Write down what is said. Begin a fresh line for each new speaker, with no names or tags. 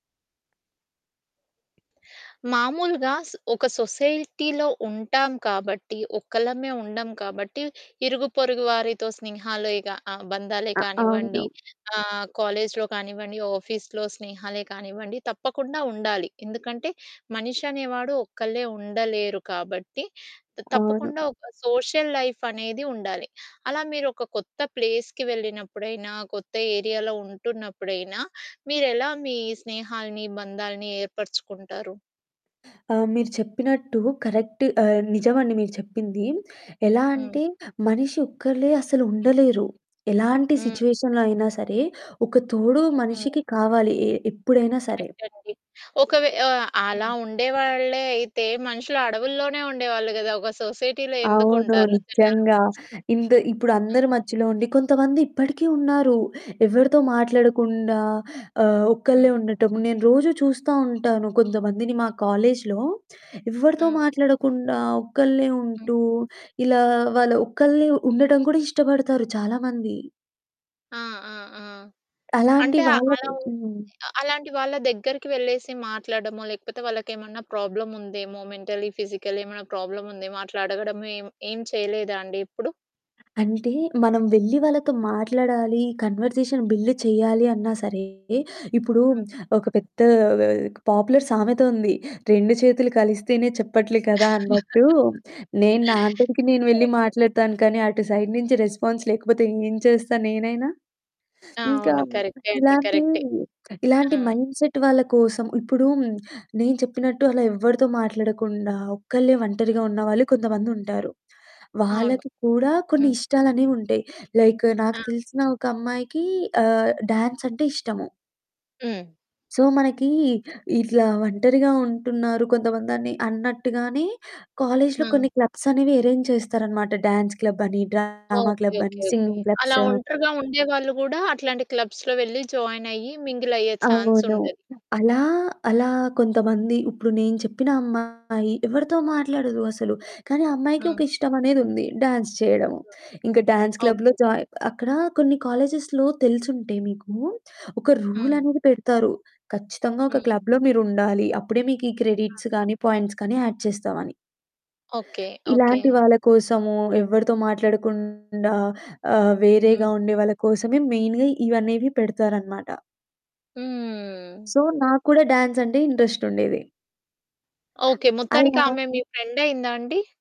మామూలుగా సొ ఒక సొసైటీలో ఉంటాం కాబట్టి ఒక్కలమే ఉండం కాబట్టి ఇరుగుపొరుగు వారితో స్నేహాలేగా బంధాలే
అ అవును.
కానివ్వండి ఆహ్, కాలేజిలో కానివ్వండి ఆఫీస్‌లో స్నేహాలే కానివ్వండి తప్పకుండా ఉండాలి. ఎందుకంటే మనిషి అనేవాడు ఒక్కళ్ళే ఉండలేరు కాబట్టి త
అవును.
తప్పకుండా ఒక సోషల్ లైఫ్ అనేది ఉండాలి. అలా మీరు ఒక కొత్త ప్లేస్‌కి వెళ్ళినప్పుడైనా కొత్త ఏరియాలో ఉంటున్నప్పుడైనా మీరు ఎలా మీ స్నేహాల్ని, బంధాల్ని ఏర్పరచుకుంటారు?
అ! మీరు చెప్పినట్టు కరెక్ట్ ఆహ్, నిజమండి మీరు చెప్పింది. ఎలా
హ్మ్.
అంటే మనిషి ఒక్కలే అసలు ఉండలేరు. ఎలాంటి
హ్మ్.
సిట్యుయేషన్‌లో అయినా సరే! ఒక తోడు
హ్మ్.
మనిషికి కావాలి ఏహ్, ఎప్పుడైనా సరే.
కరెక్ట్ అండి. ఒకవే ఆహ్, అలా
హ్మ్.
ఉండేవాళ్ళే అయితే మనుషులు అడవుల్లోనే ఉండేవాళ్ళు కదా! ఒక సొసైటీలో ఎందుకు
అవును
ఉంటారు జనాల
నిజంగా.
మద్య.
ఇంత ఇప్పుడు
ఆ!
అందరి మధ్యలో ఉండి కొంతమంది ఇప్పటికీ ఉన్నారు ఎవరితో
హ్మ్.
మాట్లాడకుండా ఆహ్, ఒక్కళ్ళే
హ్మ్.
ఉండటం. నేను రోజూ చూస్తా ఉంటాను కొంతమందిని మా కాలేజిలో ఎవ్వరితో
హ్మ్.
మాట్లాడకుండా ఒక్కళ్ళే
హ్మ్.
ఉంటూ ఇలా వాళ్ళు ఒక్కళ్ళే ఉండటం కూడా ఇష్టపడతారు చాలా మంది.
ఆ! ఆ! ఆ!
అలాంటి
అంటే
వాళ్ళకి
అలా ఉం
హ్మ్.
అలాంటి వాళ్ళ దగ్గరికి వెళ్ళేసి మాట్లాడడమో, లేకపోతే వాళ్ళకి ఏమన్నా ప్రాబ్లమ్ ఉందేమో మెంటల్ ఫిజికల్ ఏమన్నా ప్రాబ్లమ్ ఉందేమో అట్లా అడగడము ఏం ఏం చేయలేదా అండి ఇప్పుడు?
అంటే మనం వెళ్లి వాళ్ళతో మాట్లాడాలి, కన్వర్జేషన్ బిల్డ్ చేయాలి అన్నా సరే ఇప్పుడు
హ్మ్.
ఒక పెద్ద ఆహ్, పాపులర్ సామెత ఉంది. రెండు చేతులు కలిస్తేనే చెప్పట్లేదు కదా! అన్నట్టు, నేను నా అంతటికి నేను వెళ్లి
కరెక్టే.
మాట్లాడతాను కానీ అటు సైడ్ నుంచి రెస్పాన్స్ లేకపోతే ఏం చేస్తా నేనైనా!
ఆ!
ఇంకా
అవును. కరెక్టే అండి,
ఇలాంటి
కరెక్టే.
ఇలాంటి
ఆ!
మైండ్సెట్ వాళ్ళ కోసం ఇప్పుడు నేను చెప్పినట్టు అలా ఎవరితో మాట్లాడకుండా ఒక్కళ్ళే
హ్మ్.
వంటరిగా ఉన్నవాళ్లు కొంతమంది ఉంటారు.
అవును.
వాళ్ళకి కూడా కొన్ని
హ్మ్.
ఇష్టాలు అనేవి ఉంటాయి లైక్ నాకు
ఆ!
తెలిసిన ఒక అమ్మాయికి ఆహ్, డాన్స్ అంటే ఇష్టము.
హ్మ్.
సో మనకి ఇట్లా ఒంటరిగా ఉంటున్నారు కొంతమంది అని అన్నట్టుగానే కాలేజిలో కొన్ని
హ్మ్.
క్లబ్స్ అనేవి అరేంజ్ చేస్తారన్నమాట. డాన్స్ క్లబ్ అని, డ్రామా
ఓకే,
క్లబ్
ఓకే,
అనేసి,
ఓకే.
సింగింగ్
అలా
క్లబ్స్.
ఒంటరిగా ఉండేవాళ్ళు కూడా అట్లాంటి క్లబ్స్‌లో వేళ్లి జాయిన్ అయ్యి మింగిల్ అయ్యే ఛాన్స్
అవును.
ఉంటది.
అలా అలా కొంతమంది ఇప్పుడు నేను చెప్పిన అమ్మాయి ఎవరితో మాట్లాడదు అసలు, కానీ ఆ అమ్మాయికి
ఆ!
ఒక ఇష్టం అనేది ఉంది, డ్యాన్స్ చేయడము.
హ్మ్.
ఇంకా డ్యాన్స్ క్లబ్‌లో
ఓకే.
జాయిన్ అక్కడ కొన్ని కాలేజెస్‌లో తెలిసుంటే మీకు ఒక రూల్
హ్మ్.
అనేది పెడతారు. ఖచ్చితంగా ఒక
హ్మ్.
క్లబ్‌లో మీరు ఉండాలి అప్పుడే మీకు ఈ
ఆా!
క్రెడిట్స్ కానీ పాయింట్స్ కానీ యాడ్ చేస్తామని.
Okay, okay.
ఇలాంటి వాళ్ళ కోసము ఎవరితో మాట్లాడకుండా ఆహ్, వేరేగా
హ్మ్.
ఉండే వాళ్ళ కోసమే మెయిన్‌గా ఇవి అనేవి పెడతారన్నమాట.
హ్మ్.
సో నాకు కూడా డాన్స్ అంటే ఇంట్రెస్ట్ ఉండేది.
ఓకే. మొత్తానికి
అలా
ఆమె మీ ఫ్రెండయిందా అండి?